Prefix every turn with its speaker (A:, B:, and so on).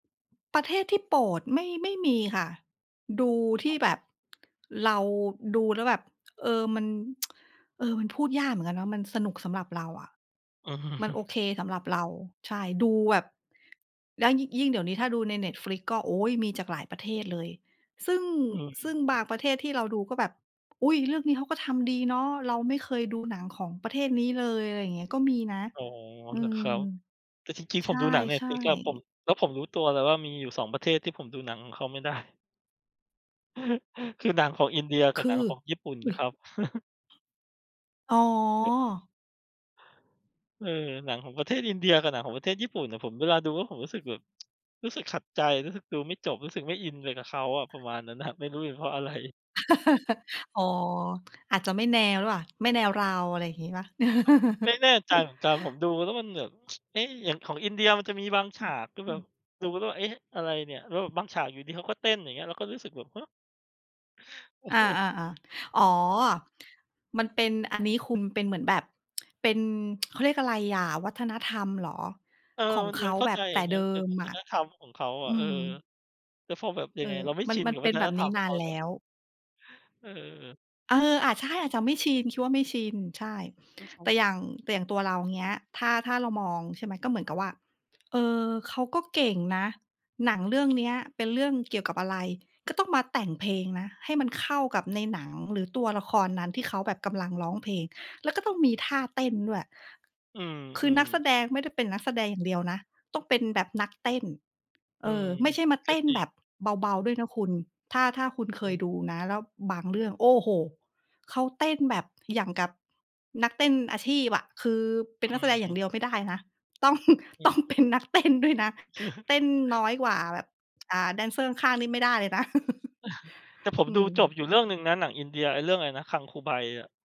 A: ประเทศที่โปรด ไม่ ไม่มีค่ะ ดูที่แบบ เราดูแล้วแบบ เอ่อ มัน เอ่อ มันพูดยากเหมือนกันเนาะ มันสนุกสำหรับเราอะ
B: อือ
A: มันโอเคสำหรับเรา ใช่ ดูแบบ แล้วยิ ยิ่งเดี๋ยวนี้ถ้าดูใน Netflix ก็ โอ๊ย! มีจากหลายประเทศเลย ซึ่ง
B: อืม
A: ซึ่งบางประเทศที่เราดูก็แบบ "อุ๊ย! เรื่องนี้เขาก็ทำดีเนาะ เราไม่เคยดูหนังของประเทศนี้เลย" อะไรเงี้ย ก็มีนะ
B: อ๋อ
A: อื
B: เหรอค
A: ม
B: รับ แต่จริง ๆ
A: ใ
B: ผ
A: ช
B: มดูหนัง
A: ่
B: Netflix อะผม
A: ๆ
B: แล้วผมรู้ตัวเลยว่ามีอยู่ 2 ประเทศที่ผมดูหนังของเขาไม่ได้ คือหนังของอินเดียก
A: ค
B: ับ
A: ื
B: หนังข
A: อ?
B: องญี่ปุ่นครับ
A: อ๋อ
B: เออ หนังของประเทศอินเดียกับหนังของประเทศญี่ปุ่นอะ ผมเวลาดูแล้วผมรู้สึกแบบ รู้สึกขัดใจ รู้สึกดูไม่จบ รู้สึกไม่อินไปกับเขาอะ ประมาณนั้น อะ ไม่รู้เป็นเพราะ อะไร
A: อ๋อ อาจจะไม่แนวหรือเปล่า ไม่แนวเรา อะไรอย่างงี้เปล่า?
B: ก็ไม่แน่ใจเหมือนกัน ผมดูแล้วมันแบบ เอ๊ะ! อย่างของอินเดียมันจะมีบางฉากก็
A: อ
B: แ
A: ื
B: บบ
A: อ
B: ดูแล้วแบบ เอ๊ะ! อะไรเนี่ย แล้วแบบบางฉากอยู่ดี ๆ เขาก็เต้นอย่างเงี้ย เราก็รู้สึกแบบ ฮะ!
A: อา ๆ ๆ อ๋อ มันเป็นอันนี้คุม เป็นเหมือนแบบ เป็น เขาเรียกอะไรอะ วัฒนธรรมเหรอ?
B: เออ
A: ของ
B: มัน
A: เข
B: มั
A: า
B: นเข้า
A: แบ
B: ใ
A: บ
B: จ
A: แต่เ
B: น
A: ด
B: ะ
A: ิ
B: เป็น
A: ม
B: วั
A: อ
B: ฒ
A: ะ
B: นธรรมของเค้า
A: อ
B: อ
A: ื
B: ะ เออ
A: ม
B: แล้วพอแบบย
A: เ
B: ั
A: อ
B: ง
A: อ
B: ไง เราไม่
A: มั
B: ช
A: น
B: ิน
A: มัน
B: กับ
A: เป
B: ว
A: ็
B: ั
A: น
B: ฒ
A: แบ
B: น
A: บ
B: ธ
A: น
B: ร
A: ี้
B: รมข
A: น
B: อ
A: า
B: งเข
A: น
B: า
A: แล้
B: เนาะ
A: ว
B: เออ
A: เออ อะใช่ อาจจะไม่ชิน คิดว่าไม่ชิน ใช่
B: แล้วเข
A: แ
B: า
A: ต่อย่าง แต่อย่างตัวเรา เงี้ย ถ้า ถ้าเรามอง ใช่ไหม ก็เหมือนกับว่า เออ เขาก็เก่งนะ หนังเรื่องเนี้ยเป็นเรื่องเกี่ยวกับอะไร ก็ต้องมาแต่งเพลงนะ ให้มันเข้ากับในหนังหรือตัวละครนั้น ที่เขาแบบกำลังร้องเพลง แล้วก็ต้องมีท่าเต้นด้วย
B: อื
A: คือนั
B: อ
A: กแส
B: ๆ
A: ดง ไม่ได้เป็นนักแสดงอย่างเดียวนะ ต้องเป็นแบบนักเต้น เ
B: อื
A: ออ
B: ม
A: ไม่ใช่มา
B: ก
A: เต
B: ็
A: ้น
B: จร
A: แ
B: ิ
A: บ
B: ง
A: บเบา ๆ ด้วยนะคุณ ถ้า ถ้าคุณ
B: อ
A: เค
B: ื
A: ย
B: ม
A: ดูนะ แล้วบางเรื่อง โอ้โฮ! เขาแต้นแบบอย่างกับนักเต้นอาชีพอะ คือเป็
B: อ
A: นนักแสดงอย่า
B: ืม
A: งเดียวไม่ได้นะ ต้อง
B: อื
A: ต้องเป็
B: ม
A: นนักเต้นด้วยนะ เต้นน้อยกว่าแบบ อ่า แดนเซอร์ข้าง ๆ นี่ไม่ได้เลยนะ
B: แต่ผม
A: อื
B: ดู
A: ม
B: จบอยู่เรื่องหนึ่งนะหนังอินเดีย ไอ้เรื่องไรนะ Gangubai อะ